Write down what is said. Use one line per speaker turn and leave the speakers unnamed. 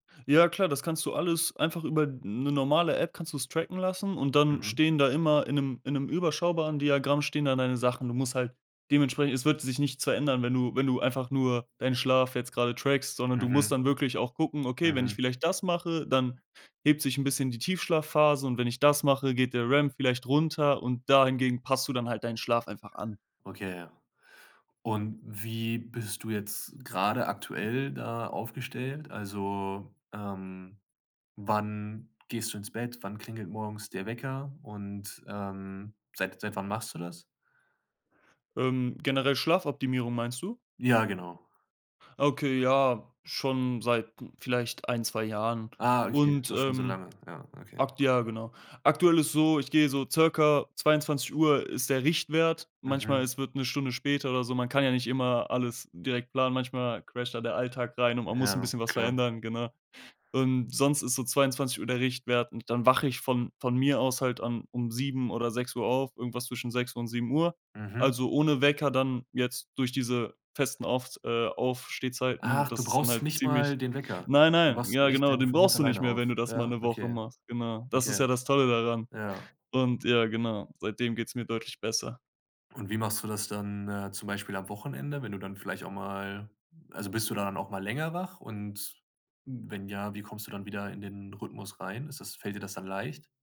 Ja, klar, das kannst du alles einfach über 'ne normale App kannst du's tracken lassen und dann
Mhm.
stehen da immer in 'nem in 'nem überschaubaren Diagramm stehen da deine Sachen. Du musst halt dementsprechend es wird sich nichts verändern, wenn du wenn du einfach nur deinen Schlaf jetzt grade trackst, sondern du musst
Mhm.
dann wirklich auch gucken: „Okay, wenn ich
Mhm.
vielleicht das mache, dann hebt sich 'n bisschen die Tiefschlafphase und wenn ich das mache, geht der REM vielleicht runter,“ und dahingehend passt du dann halt deinen Schlaf einfach an.
Okay, ja. Und wie bist du jetzt grade aktuell da aufgestellt? Also, ähm, wann gehst du ins Bett? Wann klingelt morgens der Wecker? Und, ähm, seit seit wann machst du das?
Ähm, generell Schlafoptimierung meinst du?
Ja, genau.
Ah, okay, ja, schon seit vielleicht 1, 2 Jahren.
Ah, okay,
Und,
doch schon so
ähm,
lange. Ja, okay.
ak ja, genau. Aktuell ist so, ich gehe so circa 22:00 ist der Richtwert. Manchmal,
Mhm.
es wird 'ne Stunde später oder so. Man kann ja nicht immer alles direkt planen. Manchmal crasht da der Alltag rein und man muss 'n
Ja,
bisschen was
klar.
verändern, genau. Und sonst ist so 22:00 der Richtwert. Und dann wache ich von von mir aus halt dann um 7:00 oder 6:00 auf, irgendwas zwischen 6:00 und 7:00.
Mhm.
Also, ohne Wecker dann jetzt durch diese festen Aufs äh, Aufstehzeiten,
Ach, du
das ist dann
brauchst
halt
nicht mal
ziemlich
den Wecker.
Nein,
Du
nein,
wachst
ja
echt
genau,
dann
den
von ganz
brauchst du nicht
alleine
mehr,
auf.
wenn du das mal
Ja,
'ne Woche
okay,
machst, genau. Das ist
okay,
ja das Tolle daran.
ja.
Und ja, genau, seitdem geht's mir deutlich besser.
Und wie machst du das dann, äh, zum Beispiel am Wochenende, wenn du dann vielleicht auch mal also, bist du dann auch mal länger wach und wenn ja, wie kommst du dann wieder in den Rhythmus rein? Ist das fällt dir das dann leicht?